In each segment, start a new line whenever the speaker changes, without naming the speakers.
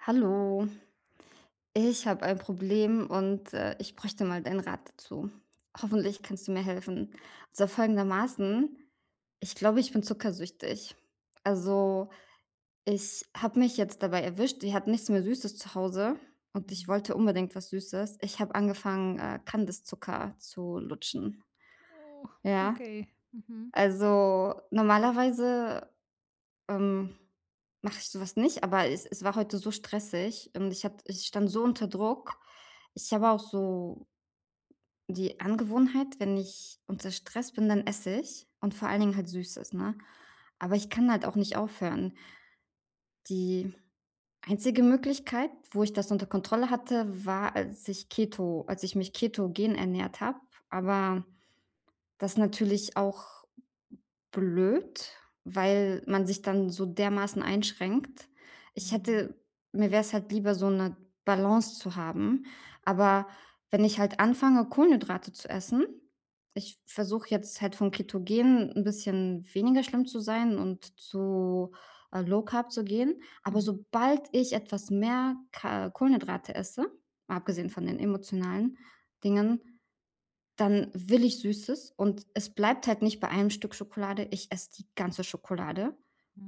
Hallo. Ich habe ein Problem und, äh, ich bräuchte mal deinen Rat dazu. Hoffentlich kannst du mir helfen. Also folgendermaßen: „Ich glaube, ich bin zuckersüchtig.“ Also, ich habe mich jetzt dabei erwischt, wir hatten nichts mehr Süßes zu Hause und ich
Mhm.
wollte unbedingt was Süßes. Ich habe angefangen, äh, Kandiszucker zu lutschen.
Oh,
Ja.
okay. Mhm.
Also normalerweise, ähm, mache ich sowas nicht, aber es es war heute so stressig. Und ich hat ich stand so unter Druck. Ich habe auch so q die Angewohnheit, wenn ich unter Stress bin, dann esse ich und vor allen Dingen halt Süßes, ne? Aber ich kann halt auch nicht aufhören. Die einzige Möglichkeit, wo ich das unter Kontrolle hatte, war, als ich Keto als ich mich ketogen ernährt habe, aber das natürlich auch blöd, weil man sich dann so dermaßen einschränkt. Ich
Mhm.
hätte mir wäre es halt lieber, so 'ne Balance zu haben, aber wenn ich halt anfange, Kohlenhydrate zu essen ich versuche jetzt halt, von ketogen 'n bisschen weniger schlimm zu sein und zu, äh, Low Carb zu gehen, aber
Mhm.
sobald ich etwas mehr Ka Kohlenhydrate esse, mal abgesehen
Mhm.
von den emotionalen Dingen, dann will ich Süßes. Und es bleibt halt nicht bei einem Stück Schokolade. Ich esse die ganze Schokolade.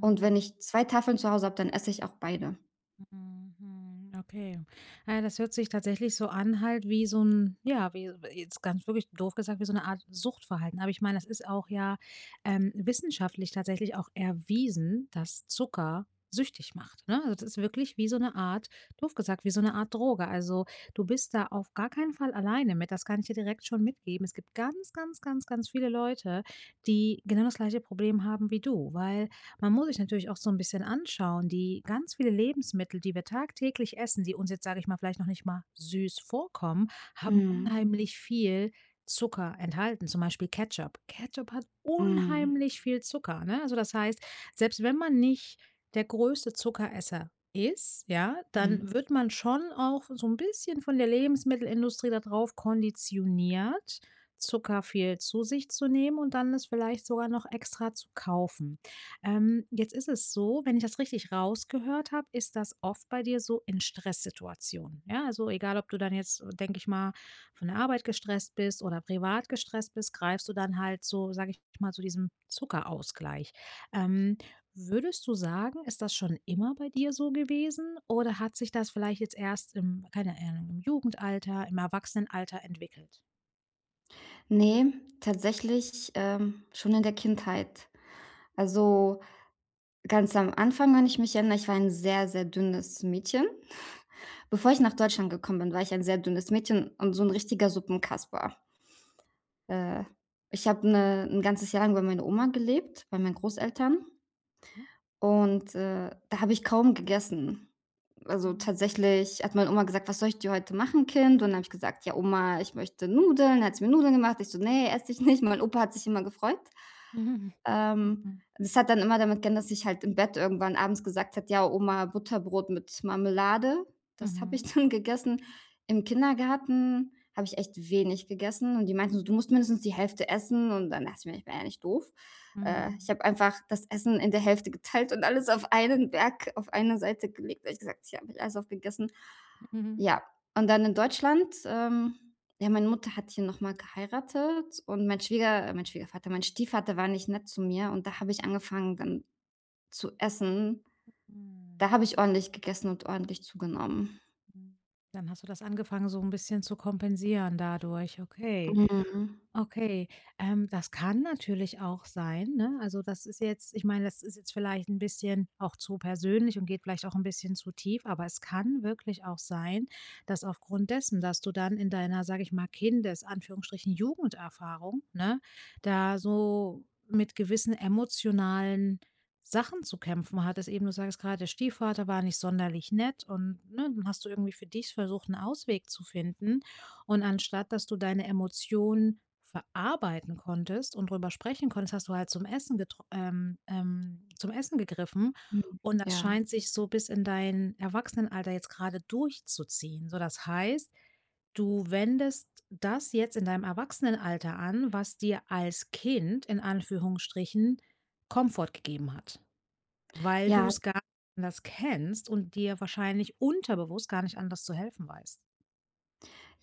Und wenn ich 2 Tafeln zu Hause habe, dann esse ich auch beide.
Mhm, mhm, okay. Na ja, das hört sich tatsächlich so an, halt wie so 'n ja, wie s äh, jetzt ganz wirklich doof gesagt, wie so 'ne Art Suchtverhalten. Aber ich meine, es ist auch, ja, ähm, wissenschaftlich tatsächlich auch erwiesen, dass Zucker süchtig macht, ne? Das ist wirklich wie so 'ne Art doof gesagt, wie so 'ne Art Droge. Also, du bist da auf gar keinen Fall alleine mit, das kann ich dir direkt schon mitgeben. Es gibt ganz, ganz, ganz, ganz viele Leute, die genau das gleiche Problem haben wie du. Weil man muss sich natürlich auch so 'n bisschen anschauen, die ganz viele Lebensmittel, die wir tagtäglich essen, die uns jetzt, sage ich mal, vielleicht noch nicht mal süß vorkommen, haben
Mhm.
unheimlich viel Zucker enthalten, zum Beispiel Ketchup. Ketchup hat
Mhm.
unheimlich viel Zucker, ne? Also, das heißt, selbst wenn man nicht der größte Zuckeresser ist, ja,
Mhm.
dann wird man schon auch so 'n bisschen von der Lebensmittelindustrie da drauf konditioniert, Zucker viel zu sich zu nehmen und dann es vielleicht sogar noch extra zu kaufen. Ähm, jetzt ist es so, wenn ich das richtig rausgehört habe, ist das oft bei dir so in Stresssituationen. Ja, also egal, ob du dann jetzt, äh, denke ich mal, von der Arbeit gestresst bist oder privat gestresst bist greifst du dann halt so, sage ich mal, zu diesem Zuckerausgleich. Ähm, würdest du sagen, ist das schon immer bei dir so gewesen? Oder hat sich das vielleicht jetzt erst im keine Ahnung, im Jugendalter, im Erwachsenenalter entwickelt?
Ne, tatsächlich, ähm, schon in der Kindheit. Also, ganz am Anfang, wenn ich mich erinnere. Ich war ein sehr, sehr dünnes Mädchen. Bevor ich nach Deutschland gekommen bin, war ich ein sehr dünnes Mädchen und so 'n richtiger Suppenkasper. Äh, ich habe 'ne 'n ganzes Jahr lang bei meiner Oma gelebt, bei meinen
Mhm.
Großeltern.
Hm.
Und, äh, da habe ich kaum gegessen. Also,
Mhm.
tatsächlich hat meine Oma gesagt: „Was soll ich dir heute machen, Kind?“ Und dann habe ich gesagt: „Ja, Oma, ich möchte Nudeln.“, hat sie mir Nudeln gemacht. Ich so: „Ne, esse ich nicht.“ Mein Opa hat sich immer gefreut. Ähm,
Mhm.
das hat dann immer damit geendet, dass ich halt im Bett irgendwann abends gesagt habe: „Ja, Oma, Butterbrot mit Marmelade.“ Das habe ich
Mhm.
dann gegessen. Im Kindergarten habe ich echt wenig gegessen. Und die meinten so: „Du musst mindestens die Hälfte essen.“ Und dann dachte ich mir, ich war ja nicht doof. Äh, ich
Mhm.
habe einfach das Essen in der Hälfte geteilt und alles auf einen Berg auf eine Seite gelegt, habe ich gesagt: „Hier habe ich alles aufgegessen.“
Mhm.
Ja. Und dann in Deutschland, ähm, ja, meine Mutter hat hier nochmal geheiratet. Und mein Schwieger mein Schwiegervater, mein Stiefvater war nicht nett zu mir. Und da habe ich angefangen, dann zu essen. Da
Mhm.
habe ich ordentlich gegessen und ordentlich zugenommen.
Mhm. Dann hast du das angefangen, so 'n bisschen zu kompensieren dadurch, okay.
Mhm.
Okay, ähm, das kann natürlich auch sein, ne, also, das ist jetzt ich meine, das ist jetzt vielleicht 'n bisschen auch zu persönlich und geht vielleicht auch 'n bisschen zu tief, aber es kann wirklich auch sein, dass aufgrund dessen, dass du dann in deiner, sage ich mal, Kindes Anführungsstrichen Jugenderfahrung, ne, da so mit gewissen emotionalen Sachen zu kämpfen hattest eben. Du sagtest grad: „Der Stiefvater war nicht sonderlich nett“, und, ne, dann hast du irgendwie für dich versucht, 'n Ausweg zu finden. Und anstatt dass du deine Emotionen verarbeiten konntest und drüber sprechen konntest, hast du halt zum Essen getr ähm, ähm, zum Essen gegriffen.
Mhm,
Und das
ja.
scheint sich so bis in dein Erwachsenenalter jetzt grade durchzuziehen. So, das heißt, du wendest das jetzt in deinem Erwachsenenalter an, was dir als Kind in Anführungsstrichen Komfort gegeben hat. Weil du
Ja.
es gar [unintelligible] anders kennst und dir wahrscheinlich unterbewusst gar nicht anders zu helfen weißt.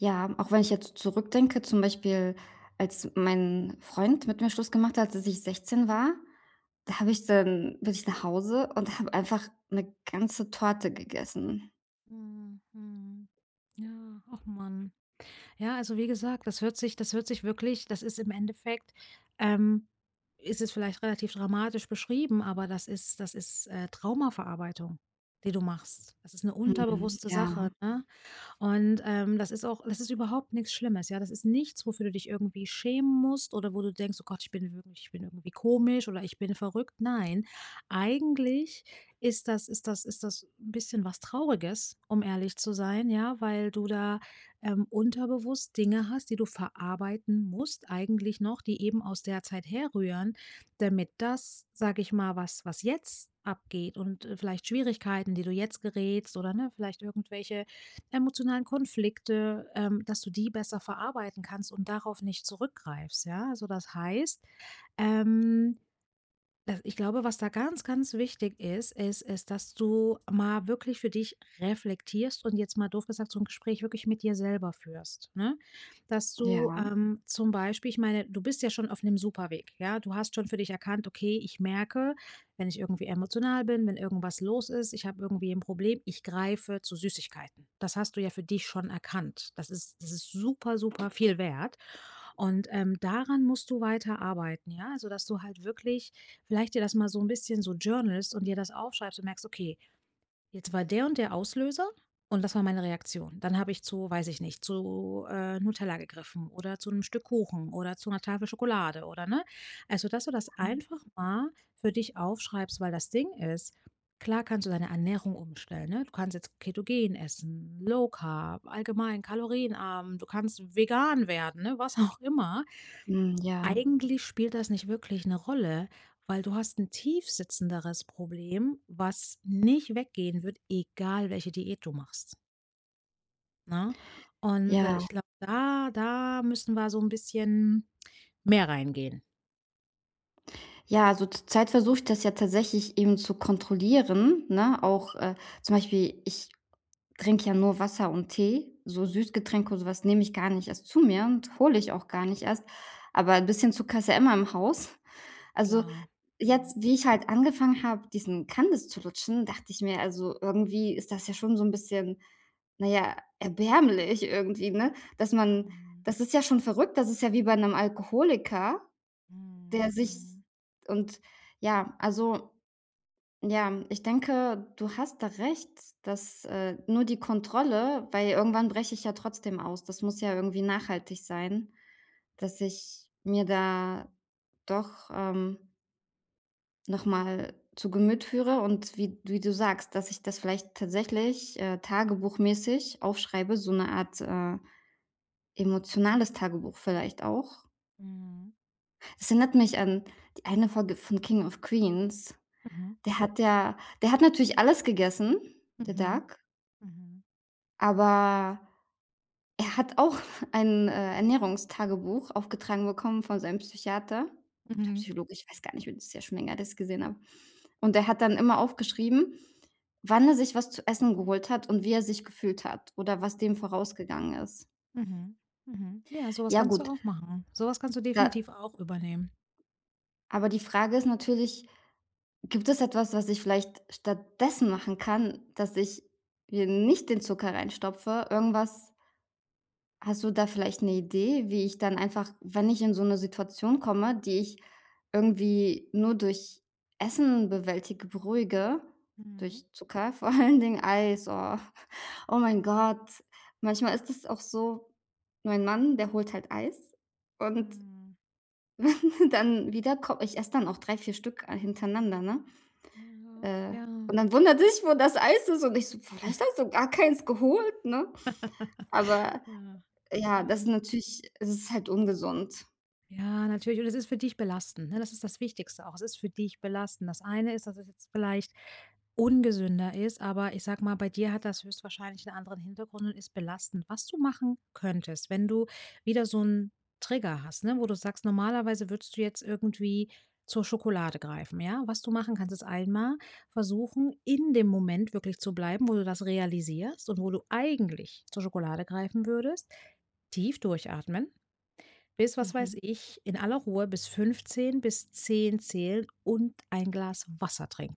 Ja, auch wenn ich jetzt zurückdenke. Zum Beispiel, als mein Freund mit mir Schluss gemacht hat, als ich 16 war, da habe ich dann bin ich nach Hause und habe einfach 'ne ganze Torte gegessen.
Mhm, mhm. Ja. Ach Mann. Ja, also, wie gesagt, das hört sich das hört sich wirklich das ist im Endeffekt, ähm ist es vielleicht relativ dramatisch beschrieben, aber das ist das ist, äh, Traumaverarbeitung, die du machst. Das ist 'ne
Mhm.
unterbewusste Sache,
Ja.
ne? Und, ähm, das ist auch das ist überhaupt nix Schlimmes, ja, das ist nichts, wofür du dich irgendwie schämen musst oder wo du denkst: „Oh Gott, ich bin ich bin irgendwie komisch, oder ich bin verrückt. Nein. Eigentlich ist das ist das ist das 'n bisschen was Trauriges, um ehrlich zu sein, ja? Weil du da, ähm, unterbewusst Dinge hast, die du verarbeiten musst. Eigentlich noch, die eben aus der Zeit herrühren, damit das, sage ich mal was was jetzt abgeht und, äh, vielleicht Schwierigkeiten, die du jetzt gerätst, oder, ne, vielleicht irgendwelche emotionalen Konflikte, ähm, dass du die besser verarbeiten kannst und darauf nicht zurückgreifst, ja? Also, das heißt, ähm, da ich glaube, was da ganz, ganz wichtig ist, ist ist dass du mal wirklich für dich reflektierst und jetzt mal doof gesagt so 'n Gespräch wirklich mit dir selber führst, ne? Das du,
Ja.
ähm, zum Beispiel ich meine, du bist ja schon auf 'nem super Weg, ja? Du hast schon für dich erkannt: „Okay, ich merke, wenn ich irgendwie emotional bin, wenn irgendwas los ist, ich habe irgendwie 'n Problem, ich greife zu Süßigkeiten.“ Das hast du ja für dich schon erkannt. Das ist das ist super, super viel wert. Und, ähm, daran musst du weiter arbeiten, ja? Also, dass du halt wirklich vielleicht dir das mal so 'n bisschen so journalst und dir das aufschreibst und merkst: „Okay, jetzt war der und der Auslöser. Und das war meine Reaktion. Dann habe ich zu, weiß ich nicht zu, äh, Nutella gegriffen oder zu 'nem Stück Kuchen oder zu 'ner Tafel Schokolade, oder“, ne? Also, dass du das
Mhm.
einfach mal für dich aufschreibst, weil das Ding ist, klar kannst du deine Ernährung umstellen ne, du kannst jetzt ketogen essen, Low Carb, allgemein kalorienarm. Du kannst vegan werden, ne? Was auch immer.
Hm, ja.
Eigentlich spielt das nicht wirklich 'ne Rolle, weil du hast 'n tiefsitzenderes Problem, was nicht weggehen wird, egal welche Diät du machst. Ne, und, äh,
Ja.
ich glaube, da da müssten wir so 'n bisschen mehr reingehen.
Ja, also, zur Zeit versuche ich das ja tatsächlich eben zu kontrollieren, ne, auch, äh, zum Beispiel, ich trinke ja nur Wasser und Tee, so Süßgetränke und sowas nehme ich gar nicht erst zu mir und hole ich auch gar nicht erst. Aber 'n bisschen Zucker ist ja immer im Haus. Also,
Klar. Mhm.
jetzt wie ich halt angefangen habe, diesen Kandis zu lutschen, dachte ich mir: „Also, irgendwie ist das ja schon so 'n bisschen, na ja, erbärmlich irgendwie“, ne, dass man
Mhm.
das ist ja schon verrückt, das ist ja wie bei 'nem Alkoholiker,
Mhm,
der sich
mhm.
und, ja also, ja, ich denke, du hast da recht, dass, äh, nur die Kontrolle weil irgendwann breche ich ja trotzdem aus. Das muss ja irgendwie nachhaltig sein, dass ich mir da doch, ähm noch mal zu Gemüt führe. Und wie wie du sagst, dass ich das vielleicht tatsächlich, äh, tagebuchmäßig aufschreibe, so 'ne Art, äh, emotionales Tagebuch vielleicht auch.
Mhm.
Es erinnert mich an die eine Folge von „King of Queens“,
Mhm.
der hat ja der hat natürlich alles gegessen, der
Mhm.
Doug.
Mhm.
Aber, er hat auch ein, äh, Ernährungstagebuch aufgetragen bekommen von seinem Psychiater oder
Mhm.
Psychologe. Ich weiß gar nicht, mehr, das ist ja schon länger her, das gesehen habe. Und der hat dann immer aufgeschrieben, wann er sich was zu essen geholt hat und wie er sich gefühlt hat oder was dem
Mhm.
vorausgegangen ist.
Mhm. Mhm. Ja, sowas
Ja
kannst du
gut.
auch machen. Sowas kannst du
Da
definitiv auch übernehmen.
Aber die Frage ist natürlich: „Gibt es etwas, was ich vielleicht stattdessen machen kann, dass ich mir nicht den Zucker reinstopfe? irgendwas" Hast du da vielleicht 'ne Idee, wie ich dann einfach, wenn ich in so 'ne Situation komme, die ich irgendwie nur durch Essen bewältige, beruhige
Mhm.
durch Zucker, vor allen Dingen Eis, oh. Oh, mein Gott. Manchmal ist es auch so, mein Mann, der holt halt Eis und
Mhm.
dann wieder ko ich esse dann auch 3, 4, Stück, äh, hintereinander, ne?
Ja,
Äh,
ja.
und dann wundert sich, wo das Eis ist und ich so: „Vielleicht hast du gar keins geholt, ne?" Aber,
Ja,
ja,
ja.
das natürlich das ist halt ungesund.
Ja, natürlich. Und es ist für dich belastend, ne? Das ist das Wichtigste auch. Es ist für dich belastend. Das eine ist, dass es jetzt vielleicht ungesünder ist. Aber ich sage mal, bei dir hat das höchstwahrscheinlich 'n anderen Hintergrund und ist belastend. Was du machen könntest, wenn du wieder so 'n Trigger hast, ne? Wo du sagst, normalerweise würdest du jetzt irgendwie zur Schokolade greifen, ja? Was du machen kannst ist einmal versuchen in dem Moment wirklich zu bleiben, wo du das realisierst und wo du eigentlich zur Schokolade greifen würdest, tief durchatmen. Bis was weiß
Mhm.
ich in aller Ruhe bis 15 bis 10 zählen und ein Glas Wasser trinken.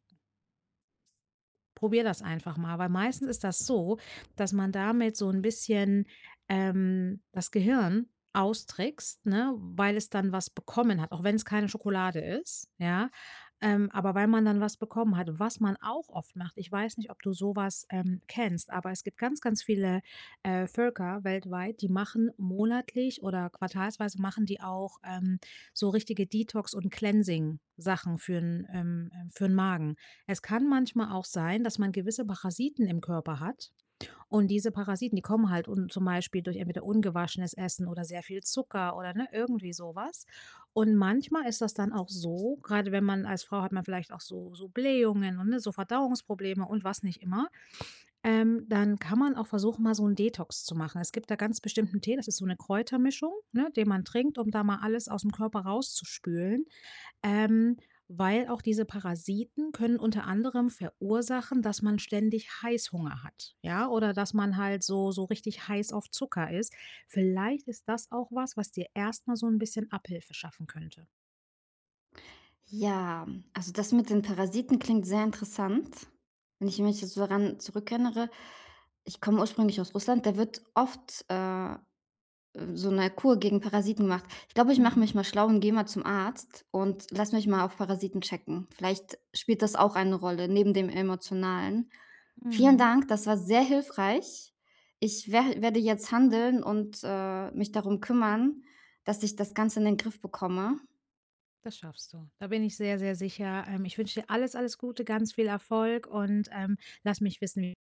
Probier das einfach mal, weil meistens ist das so, dass man damit so 'n bisschen, ähm, das Gehirn austrickst, ne? Weil es dann was bekommen hat, auch wenn's keine Schokolade ist, ja? Ähm, aber weil man dann was bekommen hat, was man auch oft macht. Ich weiß nicht, ob du sowas, ähm, kennst. Aber es gibt ganz, ganz viele, äh, Völker weltweit, die machen monatlich oder quartalsweise machen die auch, ähm, so richtige Detox und cleansing Sachen für 'n, ähm ähm für 'n Magen. Es kann manchmal auch sein, dass man gewisse Parasiten im Körper hat. Und diese Parasiten, die kommen halt und zum Beispiel durch entweder ungewaschenes Essen oder sehr viel Zucker oder, ne, irgendwie sowas. Und manchmal ist das dann auch so, grade wenn man als Frau hat man vielleicht auch so so Blähungen und, ne, so Verdauungsprobleme und was nicht immer. Ähm, dann kann man auch versuchen, mal so 'n Detox zu machen. Es gibt da ganz bestimmten Tee. Das ist so 'ne Kräutermischung, ne, die man trinkt, um da mal alles aus'm Körper raus zu spülen, ähm, weil auch diese Parasiten können unter anderem verursachen, dass man ständig Heißhunger hat, ja, oder dass man halt so so richtig heiß auf Zucker ist. Vielleicht ist das auch was, was dir erst mal so 'n bisschen Abhilfe schaffen könnte.
Ja, also das mit den Parasiten klingt sehr interessant. Wenn ich mich jetzt so daran zurückerinnere, ich komme ursprünglich aus Russland, da wird oft, äh, äh, so 'ne Kur gegen Parasiten gemacht. Ich glaube, ich mache
Mhm.
mich mal schlau und gehe mal zum Arzt und lass mich mal auf Parasiten checken. Vielleicht spielt das auch eine Rolle neben dem emotionalen. Vielen
Mhm.
Dank, das war sehr hilfreich. Ich wer werde jetzt handeln und, äh, mich darum kümmern, dass ich das Ganze in den Griff bekomme.
Das schaffst du. Da bin ich sehr, sehr sicher, ähm, ich wünsche dir alles alles Gute, ganz viel Erfolg und, ähm, lass mich wissen